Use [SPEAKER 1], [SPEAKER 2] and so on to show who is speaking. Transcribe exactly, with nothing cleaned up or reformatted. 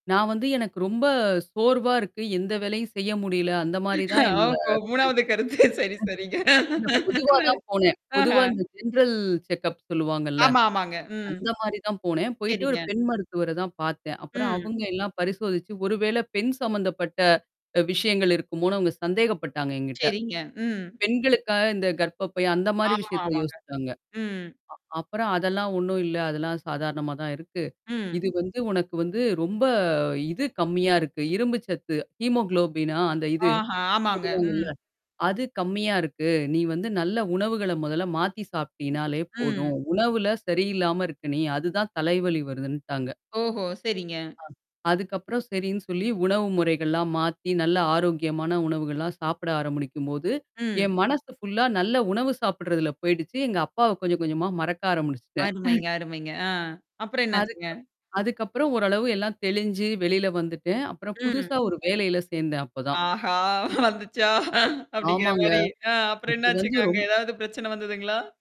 [SPEAKER 1] நான் வந்து எனக்கு ரொம்ப சோர்வா இருக்கு, எந்த வேலையும் செய்ய முடியல. அந்தமாரி தான் என்னோட
[SPEAKER 2] ஆமா, மூனாவது கருத்து. சரி, சரிங்க.
[SPEAKER 1] [unintelligible] பொதுவா தான் போனேன்.
[SPEAKER 2] ஆஹா!
[SPEAKER 1] பொதுவா இந்த ஜென்ரல் செக்கப் சொல்லுவாங்கல்ல.
[SPEAKER 2] ஆமா, ஆமாங்க. ம்.
[SPEAKER 1] அந்தமாரி தான் போனேன். போயிட்டு ஒரு
[SPEAKER 2] சரிங்க.
[SPEAKER 1] பெண் மருத்துவர தான் பார்த்தேன். அப்புறம்
[SPEAKER 2] ம்.
[SPEAKER 1] அவுங்க எல்லாம் பரிசோதிச்சு, ஒருவேளை பெண் சம்மந்தப்பட்ட அ விஷயங்கள் இருக்குமோன்னு அவங்க சந்தேகப்பட்டாங்க என்கிட்ட.
[SPEAKER 2] சரிங்க. ம்.
[SPEAKER 1] பெண்களுக்காக இந்த கர்ப்பப்பை அந்தமாரி
[SPEAKER 2] ஆமா,
[SPEAKER 1] விஷயத்த
[SPEAKER 2] ஆமாங்க.
[SPEAKER 1] யோசிச்சாங்க.
[SPEAKER 2] ம்.
[SPEAKER 1] அ அப்புறம் அதெல்லாம் ஒன்னும் இல்ல. அதெல்லாம் சாதாரணமா தான் இருக்கு.
[SPEAKER 2] ம்.
[SPEAKER 1] இது வந்து உனக்கு வந்து ரொம்ப இது கம்மியா இருக்கு. இரும்பு சத்து ஹீமோகுளோபினா அந்த இது?
[SPEAKER 2] ஆஹா! ஆமாங்க.
[SPEAKER 1] சொல்லுவாங்கல்ல.
[SPEAKER 2] ம்.
[SPEAKER 1] அது கம்மியா இருக்கு. நீ வந்து நல்ல உணவுகள முதல்ல மாத்தி சாப்பிடீனாலே
[SPEAKER 2] ம்.
[SPEAKER 1] போதும். உணவுல சரியில்லாம இருக்க நீ அதுதான் தலைவலி வருதுன்ட்டாங்க.
[SPEAKER 2] ஓஹோ! சரிங்க.
[SPEAKER 1] ஆ அதுக்கப்புறம் சரின்னு சொல்லி உணவு முறைகள்லாம் மாத்தி நல்ல ஆரோக்கியமான உணவுகள்லாம் சாப்பிட ஆரம்பிக்கும்போது, என்
[SPEAKER 2] ம்.
[SPEAKER 1] மனசு ஃபுல்லா நல்ல உணவு சாப்படுறதுல போயிடுச்சு. எங்க அப்பாவ கொஞ்ச, கொஞ்சமா மறக்க ஆரமுனுச்சிட்டேன்
[SPEAKER 2] அருமைங்க, அருமைங்க. ஆ அப்புறம்
[SPEAKER 1] அதுக்கு
[SPEAKER 2] என்னாச்சுங்க?
[SPEAKER 1] அதுக்கப்புறம் ஓரளவு எல்லாம் தெளிஞ்சு வெளில வந்துட்டேன். அப்புறம்
[SPEAKER 2] ம்.
[SPEAKER 1] புதுசா ஒரு வேலையில சேர்ந்தேன் அப்பதான்.
[SPEAKER 2] ஆஹா! வந்துச்சா!
[SPEAKER 1] ஆமாங்க.
[SPEAKER 2] அப்பிடிங்கிறமாரி ஆ அப்புறம்
[SPEAKER 1] அது
[SPEAKER 2] என்ன
[SPEAKER 1] வந்து
[SPEAKER 2] ஆச்சுங்க? அங்க
[SPEAKER 1] ரொம்
[SPEAKER 2] ஏதாவது பிரச்சனை வந்ததுங்களா?